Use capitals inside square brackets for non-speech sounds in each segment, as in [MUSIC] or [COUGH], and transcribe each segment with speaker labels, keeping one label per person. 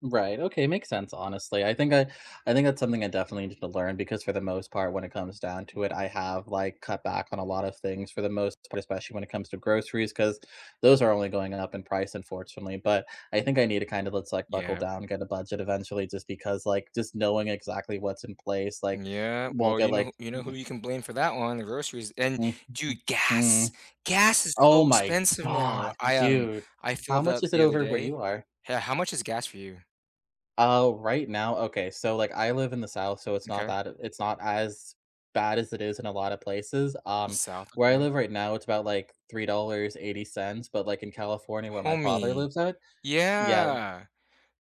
Speaker 1: Right, okay, makes sense, honestly. I think I I think that's something I definitely needed to learn because for the most part when it comes down to it, I have, like, cut back on a lot of things for the most part, especially when it comes to groceries 'cause those are only going up in price, unfortunately. But I think I need to kind of let's like buckle
Speaker 2: Yep.
Speaker 1: down and get a budget eventually just because like just knowing exactly what's in place, like,
Speaker 2: Yeah.
Speaker 1: won't
Speaker 2: Well, you
Speaker 1: get
Speaker 2: know who
Speaker 1: like
Speaker 2: you know who you can blame for that one, the groceries, and,
Speaker 1: Nh
Speaker 2: dude,
Speaker 1: Mm Hmm,
Speaker 2: gas. Gas is
Speaker 1: oh,
Speaker 2: so
Speaker 1: my
Speaker 2: expensive now.
Speaker 1: god,
Speaker 2: I, um,
Speaker 1: dude.
Speaker 2: I
Speaker 1: How
Speaker 2: filled
Speaker 1: much
Speaker 2: up
Speaker 1: is it
Speaker 2: the other
Speaker 1: over where you
Speaker 2: day.
Speaker 1: are?
Speaker 2: Ho how much is gas for you?
Speaker 1: Oh, right now? Okay, so, like, I live in the South, so it's not
Speaker 2: Okay.
Speaker 1: that it's not as bad as it is in a lot of places.
Speaker 2: The
Speaker 1: Um,
Speaker 2: South,
Speaker 1: where I
Speaker 2: okay.
Speaker 1: live right now, it's about, like, $3.80. But, like, in California where my father
Speaker 2: Homie,
Speaker 1: lives at Yeah, wh
Speaker 2: yeah,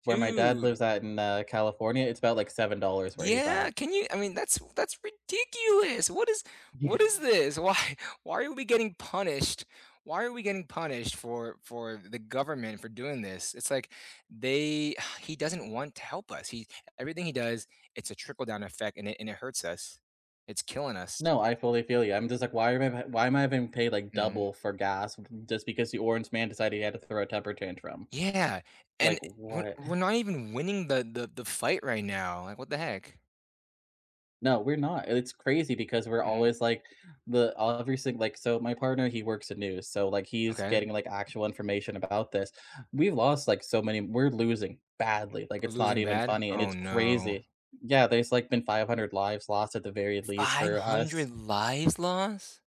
Speaker 1: where my dad
Speaker 2: dude!
Speaker 1: lives at in, uh, California, it's about, like, $7 where he's
Speaker 2: Yeah,
Speaker 1: at.
Speaker 2: can you I mean, that's that's ridiculous. What is
Speaker 1: Yeah.
Speaker 2: what is this? Why why are we getting punished why are we getting punished for for the government for doing this? It's like they he doesn't want to help us. He everything he does, it's a trickle-down effect, and it and it hurts us. It's killing us.
Speaker 1: No, I fully feel you. I'm just like, why am I why am I being paid, like,
Speaker 2: Mhm.
Speaker 1: double for gas just because the orange man decided he had to throw a temper tantrum?
Speaker 2: Yeah,
Speaker 1: Like,
Speaker 2: and we're
Speaker 1: what?
Speaker 2: we're
Speaker 1: [CHUCKLES]
Speaker 2: not even winning the the the fight right now, like, what the heck?
Speaker 1: No, we're not, and it's crazy because we're
Speaker 2: Mhm.
Speaker 1: always like, the uh, every single like, so, my partner, he works at news, so, like, he's
Speaker 2: Okay.
Speaker 1: getting, like, actual information about this, we've lost, like, so many we're losing badly, like, it's not
Speaker 2: Losing
Speaker 1: even
Speaker 2: bad?
Speaker 1: funny and
Speaker 2: Oh,
Speaker 1: it's
Speaker 2: no.
Speaker 1: crazy. Yeah, there's, like, been 500 lives lost at the very least
Speaker 2: five
Speaker 1: for
Speaker 2: hundred
Speaker 1: us.
Speaker 2: lives lost?